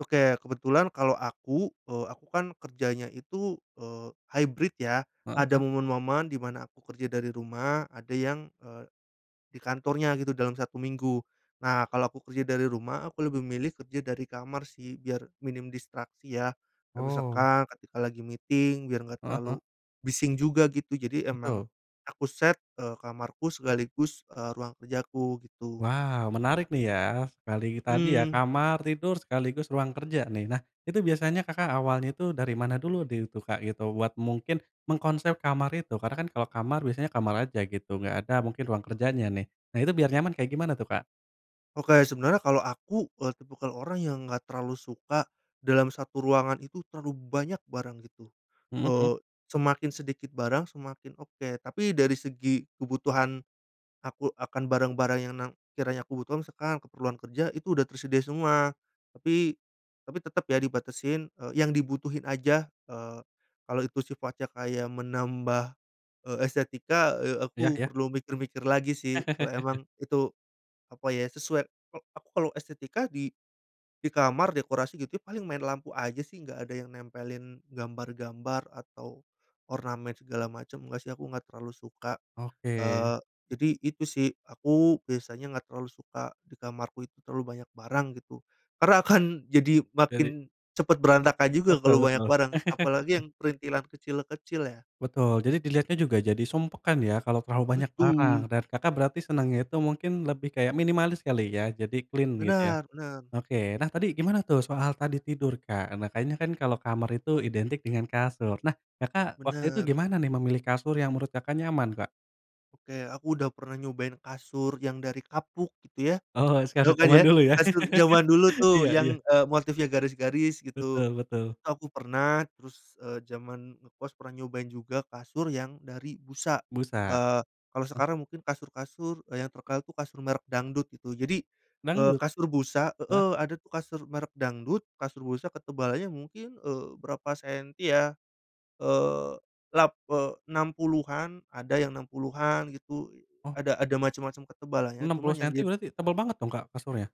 Oke, kebetulan kalau aku, eee, aku kan kerjanya itu, eee, hybrid ya, Heeh ada heeh. momen-momen di mana aku kerja dari rumah, ada yang, eee, di kantornya gitu, dalam 1 minggu. Nah, kalau aku kerja dari rumah, aku lebih milih kerja dari kamar sih, biar minim distraksi ya, atau Oh. misalkan ketika lagi meeting biar enggak Heeh heeh. terlalu bising juga gitu, jadi emang Betul. aku set, eee, kamarku sekaligus, eee, ruang kerjaku, gitu. Wow, menarik nih ya. Sekali tadi ya, Mhm. kamar tidur, sekaligus ruang kerja nih. Nah, itu biasanya, Kakak awalnya tuh dari mana dulu di tuh, Kak, gitu, buat mungkin mengkonsep kamar itu, karena kan kalau kamar biasanya kamar aja gitu, enggak ada mungkin ruang kerjanya nih. Nah, itu biar nyaman kayak gimana tuh, Kak? Oke, sebenarnya kalau aku, eee, tipikal orang yang enggak terlalu suka dalam satu ruangan itu terlalu banyak barang gitu. Mhm mhm. Eee, semakin sedikit barang, semakin oke, tapi dari segi kebutuhan, aku akan barang-barang yang na sekiranya aku butuhkan, sekalian keperluan kerja itu udah tersedia semua. Tapi tapi tetep ya dibatasin, eee, yang dibutuhin aja, eee, kalo itu sifatnya kayak menambah, eee, estetika, eee, Ya aku ya. perlu mikir-mikir lagi sih, kalau emang itu apa ya, sesuai eee, aku kalau estetika di di kamar dekorasi gitu paling main lampu aja sih enggak ada yang nempelin gambar-gambar atau ornamen segala macem. Enggak sih aku enggak terlalu suka. Oke. Eee, jadi itu sih, aku biasanya enggak terlalu suka di kamarku itu terlalu banyak barang gitu karena akan jadi Jadi makin cepet berantakan juga Betul kalau banyak betul. barang, apalagi yang perintilan kecil-kecil ya. Betul, jadi dilihatnya juga jadi sumpek kan ya kalau terlalu banyak barang. Betul. Dan Kakak berarti senangnya itu mungkin lebih kayak minimalis kali ya, jadi clean gitu ya. Benar benar. Oke, nah tadi gimana tuh soal tadi tidur, Kak? Nah kayaknya kan kalau kamar itu identik dengan kasur. Nah, Kakak, waktu itu Bener. gimana nih memilih kasur yang menurut Kakak, nyaman, Kak? Oke, aku udah pernah nyobain kasur yang dari kapuk gitu ya, Oh se tau kasur kan ya zaman dulu ya. kasur zaman dulu tuh Iya iya. yang, eee, motifnya garis-garis gitu, Betul betul. itu aku pernah. Terus, eee, zaman ngekos pernah nyobain juga kasur yang dari busa, Busa. eee, kalau sekarang mungkin kasur-kasur yang terkenal itu kasur merk dangdut gitu, jadi, eee, Dangdut? kasur busa Heeh. heeh, ada tuh kasur merk dangdut, kasur busa ketebalannya mungkin, eee, berapa senti ya, eee lap eee, 60-an, ada yang 60-an gitu, Oh. ada ada macem-macem ketebalannya, enam cuma puluh yang senti di berarti tebel banget dong, Kak, kasurnya?